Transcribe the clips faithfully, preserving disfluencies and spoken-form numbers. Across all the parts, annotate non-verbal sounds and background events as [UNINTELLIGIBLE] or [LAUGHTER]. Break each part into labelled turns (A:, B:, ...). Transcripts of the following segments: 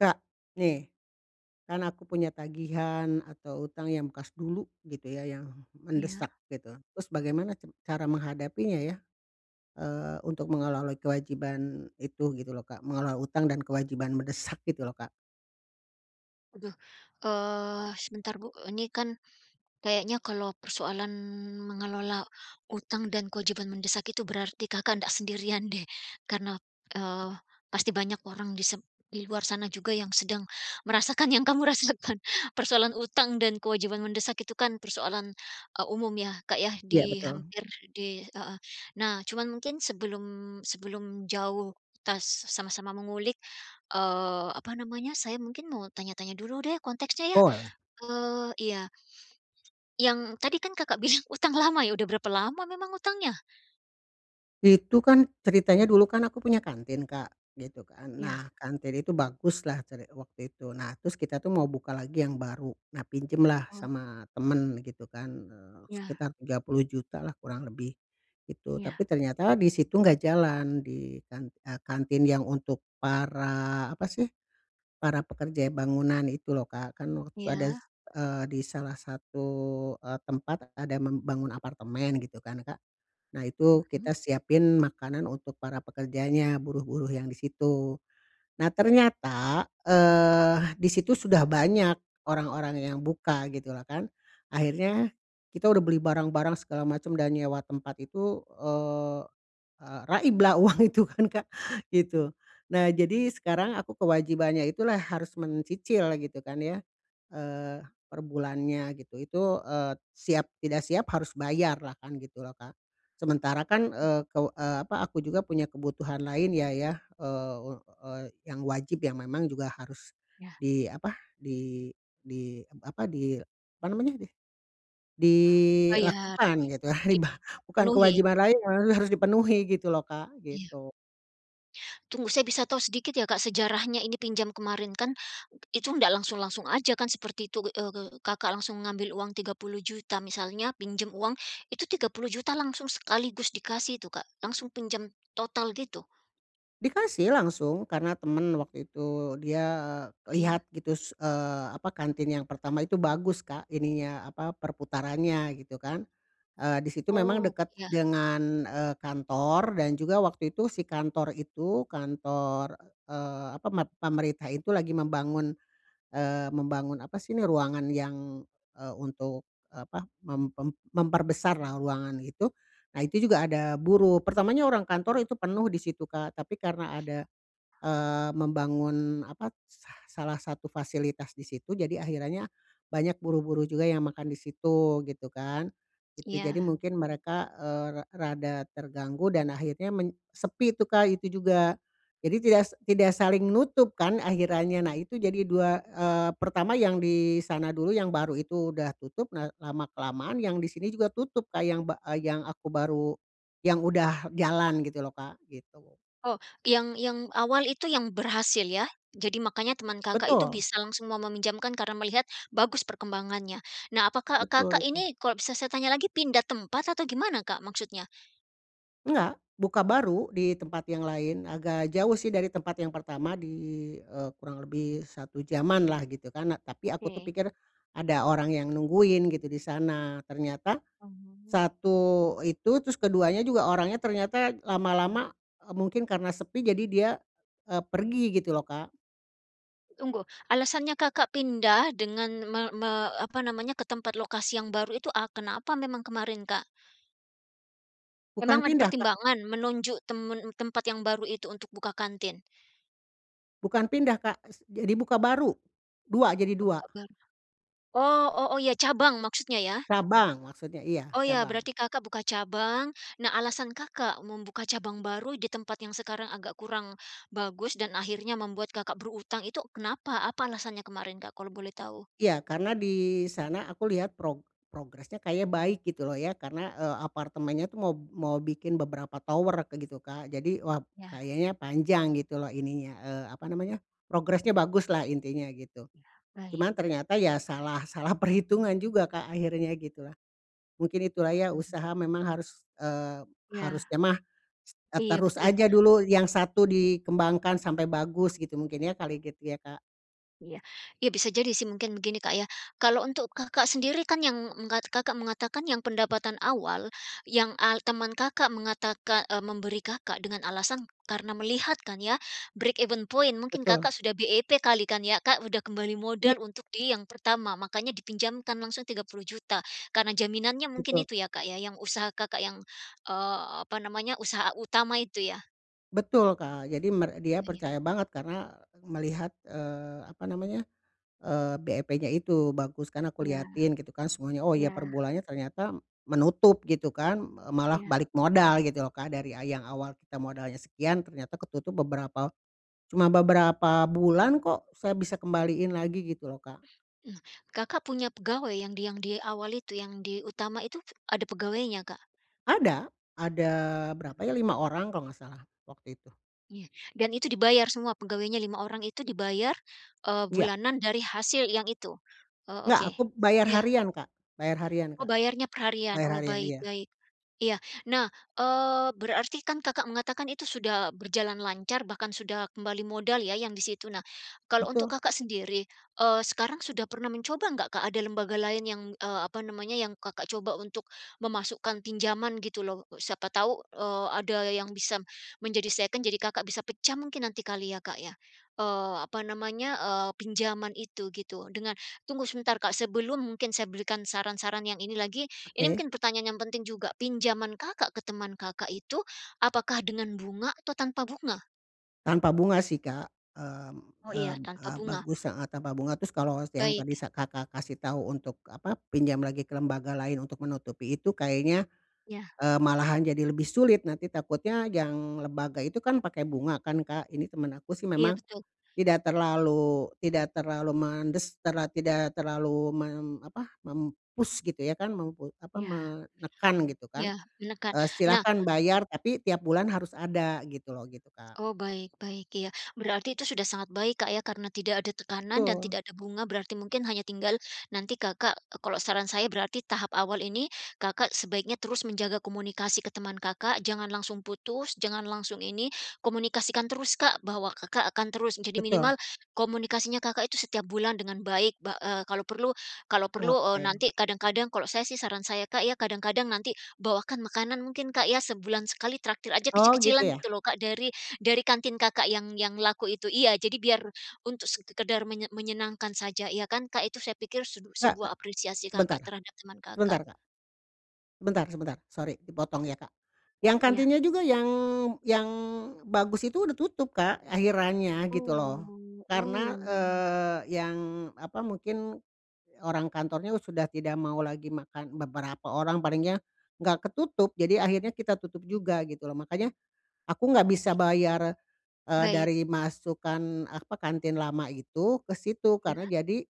A: Kak nih, kan aku punya tagihan atau utang yang bekas dulu gitu ya, yang
B: Iya.
A: mendesak gitu. Terus bagaimana ca cara menghadapinya ya, eee, untuk mengelola kewajiban itu gitu lho Kak, mengelola utang dan kewajiban mendesak gitu lho Kak.
B: Aduh, eee, sebentar Bu, ini kan kayaknya kalau persoalan mengelola utang dan kewajiban mendesak itu berarti Kakak ndak sendirian deh. Karena, eee, pasti banyak orang di sep di luar sana juga yang sedang merasakan yang kamu rasakan. Persoalan utang dan kewajiban mendesak itu kan persoalan, e umum ya Kak, ya
A: Iya
B: di
A: betul.
B: hampir di heeh. Nah cuma mungkin sebelum sebelum jauh, kitas sama-sama mengulik, eee, apa namanya, saya mungkin mau tanya-tanya dulu deh konteksnya ya,
A: Boleh.
B: eee, iya. Yang tadi kan Kakak bilang utang lama ya, udah berapa lama memang utangnya?
A: Itu kan ceritanya dulu kan, aku punya kantin Kak, gitu kan.
B: Iya.
A: Nah, kantin itu baguslah cere waktu itu. Nah terus kita tuh mau buka lagi yang baru. Nah pinjemlah
B: Oh.
A: sama teman, gitu kan, eee,
B: Ya.
A: sekitar tiga puluh juta lah kurang lebih, gitu. Tapi
B: Iya.
A: ternyata di situ enggak jalan, di kan eee, kantin yang untuk para, apa sih, para pekerja ya bangunan itu loh Kak. Kan
B: Iya.
A: wadas eee, di salah satu, e tempat ada membangun apartemen gitu kan Kak. Nah itu
B: Mhm.
A: kita siapin makanan untuk para pekerjanya, buruh-buruh yang di situ. Nah ternyata, eee, di situ sudah banyak orang-orang yang buka gitulah kan. Akhirnya kita udah beli barang-barang segala macam dan nyewa tempat itu, eee, eee, raiblah uang itu kan Kak, gitu. Nah, jadi sekarang aku kewajibannya itu lah harus mencicil gitu kan ya, eee, perbulannya gitu itu, eee, siap tidak siap harus bayarlah kan, gitu loh Kak. Sementara kan,
B: Mmm.
A: eee, kew eee, apa, aku juga punya kebutuhan lainnya ya, eee, eee, yang wajib, yang memang juga harus
B: Ya.
A: di apa, di di apa, di apa namanya deh,
B: Bayar,
A: dilakukan gitu
B: [UNINTELLIGIBLE]
A: ya, ribah bukan
B: dipenuhi.
A: kewajiban lain, eee, harus dipenuhi gitu loh Kak,
B: Iya.
A: gitu.
B: Tunggu, saya bisa tahu sedikit ya Kak, sejarahnya ini pinjam kemarin kan, itu ndak langsung-langsung aja kan seperti itu. Eee eee, Kakak langsung ngambil uang tiga puluh juta misalnya, pinjam uang itu tiga puluh juta langsung sekaligus dikasih itu Kak, langsung pinjam total gitu?
A: Dikasih langsung karena temen waktu itu dia, eee,
B: Oh, ya.
A: lihat gitu se eee, apa kantin yang pertama itu bagus, Kak, ininya apa, perputarannya, gitu kan. Eee, di situ memang
B: Oh,
A: dekat
B: iya.
A: dengan, eee, kantor dan juga waktu itu si kantor itu, kantor, eee, apa, mat pemerintah itu lagi membangun, eee, membangun apa sih ini, ruangan yang, eee, untuk apa mem mem memperbesarlah ruangan itu, nah, itu juga ada buruh. Pertamanya orang kantor itu penuh di situ, Kak, tapi karena ada, eee, membangun apa, sah salah satu fasilitas di situ, jadi akhirannya banyak buruh-buruh juga yang makan di situ gitu kan, gitu. Jadi
B: Iya.
A: mungkin mereka, eee, rek rada terganggu dan akhirnya men sepi tuh, Kak, itu juga. Jadi tidak sek tidak saling nutup kan akhirannya. Nah, itu jadi dua eee, pertama yang di sana dulu, yang baru itu udah tutup. Nah, lama kelamaan yang di sini juga tutup, Kak, yang bak eee, yang aku baru yang udah jalan gitu loh, Kak, gitu.
B: Oh, yang yang awal itu yang berhasil ya? Jadi makanya teman Kakak itu
A: Betul.
B: bisa langsung mau meminjamkan karena melihat bagus perkembangannya. Nah, apakah
A: Betul
B: Kakak
A: itu.
B: ini kalau bisa saya tanya lagi, pindah tempat atau gimana, Kak, maksudnya?
A: Enggak, buka baru, di tempat yang lain. Agak jauh sih, dari tempat yang pertama. Di, eee, kurang lebih satu jamanlah, gitu kan. Nah, tapi aku tuh
B: Oke.
A: pikir ada orang yang nungguin, gitu di sana. Ternyata,
B: Oh.
A: satu itu, terus keduanya juga orangnya ternyata lama-lama, e mungkin karena sepi, jadi dia, eee, pergi gitu loh, Kak.
B: Tunggu, alasannya Kakak pindah dengan me me apa namanya, ke tempat lokasi yang baru itu, e kenapa memang kemarin, Kak?
A: Bukan
B: Memang ada
A: pindah, Kak.
B: pertimbangan, menunjuk temen tempat yang baru itu untuk buka kantin?
A: Bukan pindah, Kak, s jadi buka baru, dua, jadi dua.
B: Tempat baru, oh oh oh, iya, cabang maksudnya, ya?
A: Cabang maksudnya, iya,
B: Oh, iya,
A: cabang.
B: berarti Kakak buka cabang. Nah, alasan Kakak membuka cabang baru di tempat yang sekarang agak kurang bagus dan akhirnya membuat Kakak berutang itu kenapa? Apa alasannya kemarin, Kak, kalau boleh tahu?
A: Iya, karena di sana aku lihat prog progresnya kayaknya baik, gitu loh, ya. Karena, eee, apartemennya tuh mau mau bikin beberapa tower kayak gitu, Kak. Jadi, wah,
B: Iya.
A: kayaknya panjang gitu loh, ininya, eee apa namanya, progresnya baguslah, intinya gitu.
B: Iya, baik.
A: Cuman ternyata ya salah salah perhitungan juga, Kak, akhirnya gitulah. Mungkin itulah ya,
B: Oh.
A: usaha memang harus, eee,
B: Iya.
A: harusnya mah, eee,
B: Iya,
A: terus
B: betul.
A: aja dulu, yang satu dikembangkan sampai bagus, gitu mungkin, ya kali gitu ya, Kak.
B: Iya, ya bisa jadi sih mungkin begini, Kak ya, kalau untuk Kakak sendiri kan yang menggat Kakak mengatakan yang pendapatan awal, yang al teman Kakak mengataka eee, memberi Kakak dengan alasan karena melihat kan ya, break even point, mungkin
A: Betul.
B: Kakak sudah BEP kali kan ya, Kak. Sudah kembali
A: Iya.
B: modal untuk di yang pertama, makanya dipinjamkan langsung tiga puluh juta karena jaminannya mungkin
A: Betul.
B: itu ya, Kak, ya, yang usaha Kakak yang, eee, apa namanya, usaha utama itu ya?
A: Betul Kak, jadi mer dia
B: Iya
A: percaya banget, karena, melihat, eee, apa namanya, eee, BEP-nya itu, bagus kan, aku
B: Iya,
A: liatin gitu kan semuanya. Oh ya,
B: iya.
A: per bulannya ternyata menutup gitu kan, eee, malah
B: Iya.
A: balik modal gitu loh, Kak. Dari, ah, yang awal kita modalnya sekian, ternyata ketutup beberapa cuma beberapa bulan kok, saya bisa kembaliin lagi gitu loh, Kak.
B: Hmm. Kakak punya pegawai yang di yang di awal itu, yang di utama itu, ada pegawainya, Kak?
A: Ada, ada berapa ya,
B: Iya.
A: lima orang kalau enggak salah, waktu itu.
B: Iya. Dan itu dibayar semua pegawainya lima orang itu dibayar, eee,
A: Iya.
B: bulanan dari hasil yang itu. Oh
A: Nggak,
B: oke.
A: aku bayar
B: Iya.
A: harian, Kak bayar harian,
B: Oh
A: Kak.
B: bayarnya perharian.
A: Bayar
B: Oh
A: harian,
B: baik
A: iya.
B: baik. Iya. Nah, eee, berarti kan Kakak mengatakan itu sudah berjalan lancar, bahkan sudah kembali modal ya yang di situ. Nah, kalau untuk
A: Betul.
B: Kakak sendiri, eee, sekarang sudah pernah mencoba enggak, Kak, ada lembaga lain yang, eee, apa namanya, yang Kakak coba untuk memasukkan pinjaman gitu loh. Siapa tahu, eee, ada yang bisa menjadi second, jadi Kakak bisa pecah mungkin nanti kali ya, Kak, ya? Eee, apa namanya, eee, pinjaman itu gitu, dengan tunggu sebentar, Kak, sebelum mungkin saya berikan saran-saran yang ini lagi, ini
A: Oke.
B: mungkin pertanyaan yang penting juga. Pinjaman Kakak ke teman Kakak itu, apakah dengan bunga atau tanpa bunga?
A: Tanpa bunga sih, Kak. Mmm
B: Oh iya,
A: mmm,
B: tanpa
A: eee,
B: bunga.
A: bagus heeh, tanpa bunga. Terus kalau yang tadi
B: Baik.
A: sa Kakak kasih tahu untuk apa, pinjam lagi ke lembaga lain untuk menutupi itu, kayaknya,
B: Iya.
A: eee, malahan jadi lebih sulit, nanti takutnya yang lembaga itu kan pakai bunga kan, Kak, ini temen aku sih
B: Iya
A: memang
B: betul.
A: tidak terlalu tidak terlalu mendes karena tidak terlalu mem apa, mem-push gitu ya kan, mem pe apa,
B: Iya.
A: menekan gitu kan,
B: Yah, menekan.
A: eee,
B: Nah
A: silahkan bayar, tapi tiap bulan harus ada gitu lho, gitu, Kak.
B: Oh baik baik, iya. Berarti itu sudah sangat baik, Kak, ya, karena tidak ada tekanan dan
A: Betul.
B: tidak ada bunga, berarti mungkin hanya tinggal nanti Kakak, e kalau saran saya berarti tahap awal ini, Kakak sebaiknya terus menjaga komunikasi ke teman Kakak, jangan langsung putus, jangan langsung ini, komunikasikan terus, Kak, bahwa Kakak akan terus kadi
A: Betul.
B: minimal komunikasinya Kakak itu setiap bulan dengan baik. Ba eee, kalau perlu kalau perlu, eee,
A: Oke.
B: nanti kadang-kadang kalau saya sih saran saya, Kak, ya, kadang-kadang nanti bawakan makanan mungkin, Kak, ya, sebulan sekali traktir aja
A: Oh, gitu
B: kecil-kecilan
A: ya?
B: gitu loh, Kak, dari dari kantin Kakak yang yang laku itu iya, jadi biar untuk sekedar menye menyenangkan saja, ya kan, Kak. Itu saya pikir se
A: Kak Kak.
B: sebuah apresiasi
A: Sebentar,
B: Kakak terhadap teman Kakak.
A: sebentar, Kak. Sebentar sebentar. Sorry dipotong ya, Kak. Yang
B: Iya.
A: kantinnya juga yang yang bagus itu udah tutup, Kak, akhirannya gitu loh.
B: Oh. Oh ya.
A: Karena, eee, yang apa, mungkin orang kantornya sudah tidak mau lagi makan beberapa orang paling ya, nggak ketutup. Jadi akhirnya kita tutup juga gitu loh. Makanya aku nggak
B: Oh
A: bisa
B: ya.
A: bayar, eee,
B: Baik.
A: dari masukan apa, kantin lama itu ke situ,
B: Iya.
A: karena jadi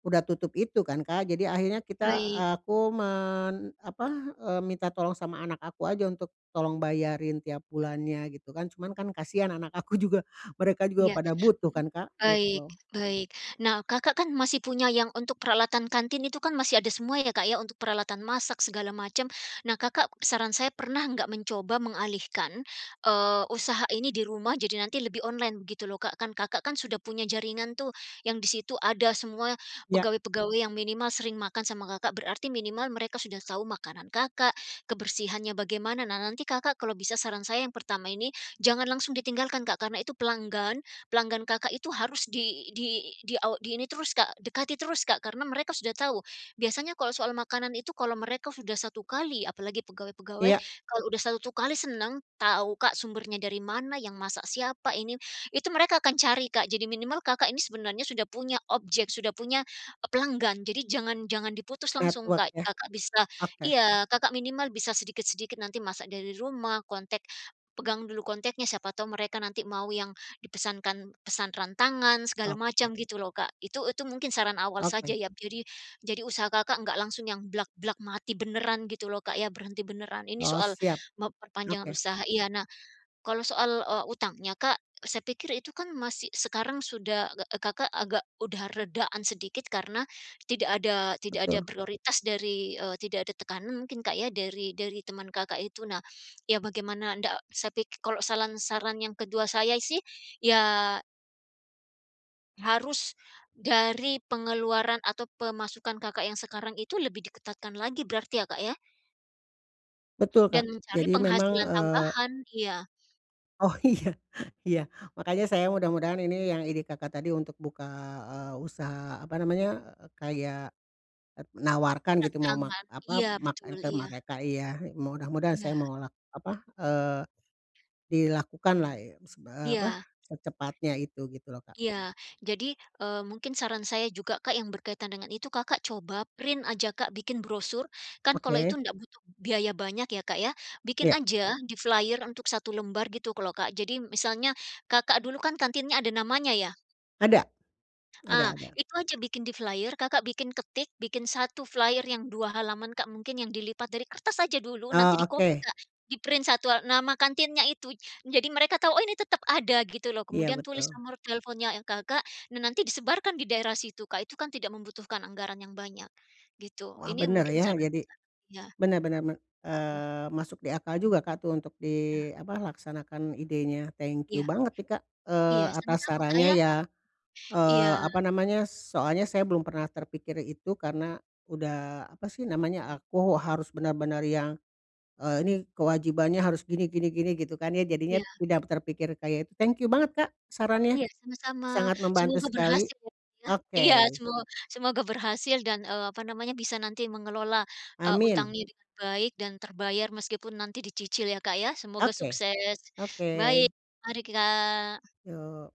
A: udah tutup itu kan, Kak. Jadi akhirnya kita
B: Baik.
A: aku men apa, eee, minta tolong sama anak aku aja untuk tolong bayarin tiap bulannya, gitu kan. Cuman kan kasihan anak aku juga, mereka juga
B: Iya,
A: pada butuh
B: mhm.
A: kan, Kak,
B: Baik,
A: gitu.
B: baik. Nah, Kakak kan masih punya yang untuk peralatan kantin, itu kan masih ada semua ya, Kak, ya, untuk peralatan masak segala macem. Nah, Kakak saran saya pernah nggak mencoba mengalihkan, eee, usaha ini di rumah, jadi nanti lebih online begitu loh, Kak. Kan Kakak kan, sudah punya jaringan tuh, yang di situ ada semua
A: Iya.
B: pegawai-pegawai yang minimal sering makan sama Kakak, berarti minimal mereka sudah tahu makanan Kakak, kebersihannya bagaimana. Nah, nanti Kakak kalau bisa saran saya yang pertama ini, jangan langsung ditinggalkan, Kak, karena itu pelanggan, pelanggan Kakak itu harus di di di aw di ini terus, Kak, dekati terus, Kak, karena mereka sudah tahu. Biasanya kalau soal makanan itu kalau mereka sudah satu kali, apalagi pegawai-pegawai
A: Iya.
B: kalau udah satu kali seneng tahu, Kak, sumbernya dari mana, yang masak siapa ini itu mereka akan cari, Kak. Jadi minimal Kakak ini sebenarnya sudah punya objek, sudah punya e pelanggan, jadi jangan jangan diputus langsung,
A: Network
B: Kak.
A: yah.
B: Kakak bisa
A: Oke.
B: iya, Kakak minimal bisa sedikit-sedikit nanti masak dari rumah, kontek pegang dulu konteknya, siapa tahu mereka nanti mau yang dipesankan pesan rantangan, segala
A: Oke.
B: macam gitu loh, Kak. Itu itu mungkin saran awal saja
A: Oke.
B: ya, jadi jadi usaha Kakak nggak langsung yang blak-blak mati beneran gitu loh, Kak ya, berhenti beneran. Ini
A: Oh
B: soal
A: siap.
B: memperpanjang
A: Oke.
B: usaha iya. Nah, kalau soal, eee, utangnya, Kak, e saya pikir itu kan masih sekarang sudah ge e Kakak agak udah redaan sedikit, karena tidak ada tidak ada
A: Betul.
B: prioritas dari, eee, tidak ada tekanan mungkin, Kak, ya, dari dari teman Kakak itu. Nah, ya bagaimana ndak saya pik kalau salan saran yang kedua saya sih ya Harus dari pengeluaran atau pemasukan Kakak yang sekarang itu lebih diketatkan lagi berarti ya, Kak, ya?
A: Betul,
B: Dan
A: Kak.
B: mencari
A: Jadi memang,
B: penghasilan
A: eee
B: tambahan iya.
A: Oh, iya iya. Makanya saya mudah-mudahan ini yang ide Kakak tadi untuk buka, eee, usaha apa namanya, eee, kayak, eee, menawarkan gitu mau
B: Datang
A: mak
B: kan,
A: apa,
B: iya,
A: mak en
B: betul,
A: ke
B: iya.
A: mereka iya, mudah-mudahan
B: Iya.
A: saya mau lak apa, eee, dilakukanlah i seb eee,
B: Iya.
A: apa, secepatnya itu gitu loh, Kak.
B: Iya, jadi, eee, mungkin saran saya juga, Kak, yang berkaitan dengan itu, Kakak coba print aja Kak bikin brosur, kan kalau itu
A: Oke.
B: ndak butuh biaya banyak ya, Kak, ya. Bikin
A: Iya.
B: aja di flyer untuk satu lembar gitu kalo Kak. Jadi misalnya, Kakak dulu kan kantinnya ada namanya ya?
A: Ada, ada
B: Ah,
A: ada.
B: itu aja bikin di flyer, Kakak bikin ketik, bikin satu flyer yang dua halaman, Kak, mungkin yang dilipat dari kertas aja dulu,
A: Eee,
B: nanti di copy,
A: oke.
B: Kak. Di print satu a nama kantinnya itu, jadi mereka tahu, "Oh, ini tetep ada," gitu loh.
A: Iya,
B: Kemudian tulis
A: betul.
B: nomor teleponnya Kakak, nah, nanti disebarkan di daerah situ, Kak, itu kan tidak membutuhkan anggaran yang banyak, gitu.
A: Wah,
B: Ini
A: bener,
B: mungkin
A: ya,
B: saran
A: jadi
B: saya.
A: bener bener me
B: Wah.
A: eee, masuk di akal juga Kak tuh untuk
B: Nah.
A: di apa, laksanakan idenya. Thank
B: Iya.
A: you banget nih, Kak,
B: Iya,
A: eee, atas
B: sama-sama, Kak,
A: sarannya
B: ya.
A: ya,
B: Iya.
A: eee, apa namanya, soalnya saya belum pernah terpikir itu, karena udah, apa sih namanya, aku harus bener-bener yang, eee, ini kewajibannya harus gini gini gini, gitu kan ya, jadinya
B: Iya.
A: tidak terpikir kayak itu. Thank you banget, Kak, sarannya
B: Iya, sama-sama.
A: sangat membantu
B: Semoga
A: sekali.
B: berhasil ya, Kak, ya. Iya,
A: Oke.
B: semo semoga berhasil dan, eee, apa namanya, bisa nanti mengelola, eee,
A: Amin.
B: utangnya dengan baik dan terbayar meskipun nanti dicicil ya, Kak, ya, semoga
A: Oke,
B: sukses,
A: oke.
B: baik, mari Kak.
A: Yuk.